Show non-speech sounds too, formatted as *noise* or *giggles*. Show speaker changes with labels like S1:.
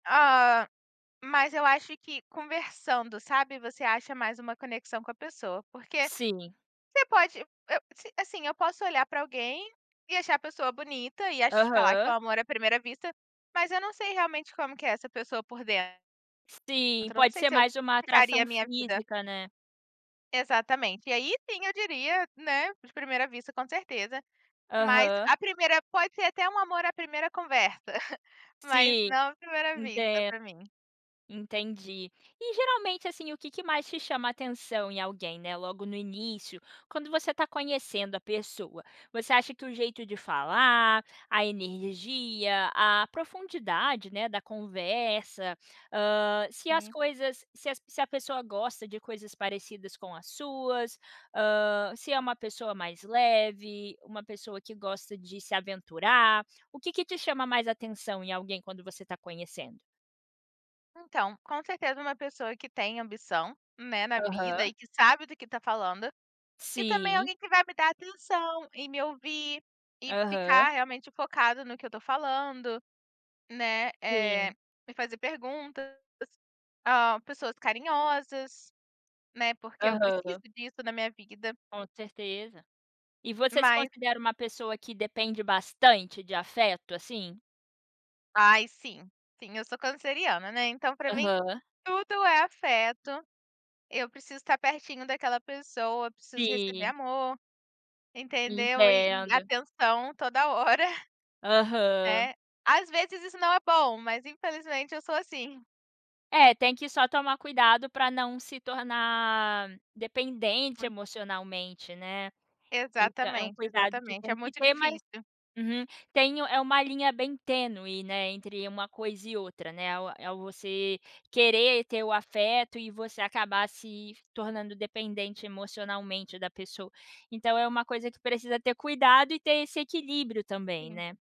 S1: Ah, mas eu acho que conversando, sabe. Você acha mais uma conexão com a pessoa, porque,
S2: Sim.
S1: você pode eu a assim, eu posso olhar para alguém e achar a pessoa bonita e acho falar que é
S2: Aham.
S1: o amor à primeira vista, mas eu não sei realmente como que é essa pessoa por dentro.
S2: Sim,
S1: Então eu não
S2: pode
S1: sei
S2: ser
S1: se eu
S2: mais uma
S1: ficaria
S2: atração
S1: a minha vida
S2: física, né.
S1: Exatamente, e aí sim eu diria, né, de primeira vista com certeza, mas
S2: Aham.
S1: a primeira pode ser até um amor à primeira conversa, *giggles* mas
S2: Sim,
S1: não à primeira vista
S2: entendo.
S1: para mim.
S2: Entendi. E geralmente, assim, o que que mais te chama atenção em alguém, né, logo no início, quando você está conhecendo a pessoa? Você acha que o jeito de falar, a energia, a profundidade, né, da conversa, hã, se as
S1: Sim.
S2: coisas, se as se a pessoa gosta de coisas parecidas com as suas, hã, se é uma pessoa mais leve, uma pessoa que gosta de se aventurar, o que que te chama mais atenção em alguém quando você está conhecendo?
S1: Então, com certeza uma pessoa que tem ambição, né, na vida
S2: Aham.
S1: e que sabe do que está falando, e também
S2: Sim.
S1: alguém que vai me dar atenção e me ouvir, e
S2: Aham.
S1: ficar realmente focado no que eu estou falando, né, eh,
S2: Sim.
S1: me fazer perguntas, ah, pessoas carinhosas, né, porque eu preciso
S2: Aham.
S1: disso na minha vida.
S2: Com certeza. E você se
S1: Mas
S2: considera uma pessoa que depende bastante de afeto, assim?
S1: Ai sim, sim. Eu sou canceriana, né, então para mim
S2: Aham.
S1: tudo é afeto. Eu preciso estar pertinho daquela pessoa, preciso receber
S2: Sim.
S1: amor, entendeu. E e
S2: Entendo.
S1: atenção toda hora,
S2: Aham.
S1: né. Às vezes isso não é bom, mas infelizmente eu sou assim.
S2: É, tem que só tomar cuidado para não se tornar dependente
S1: *unintelligible*
S2: emocionalmente, né. Então, é um
S1: Exatamente,
S2: cuidado que
S1: exatamente,
S2: tem
S1: é
S2: que
S1: muito
S2: ter, mas
S1: difícil.
S2: uhum tem é uma linha bem tênue, né, entre uma coisa e outra, né. É é você querer ter o afeto e você acabar se tornando dependente emocionalmente da pessoa. Então é uma coisa que precisa ter cuidado e ter esse equilíbrio também,
S1: Sim.
S2: né.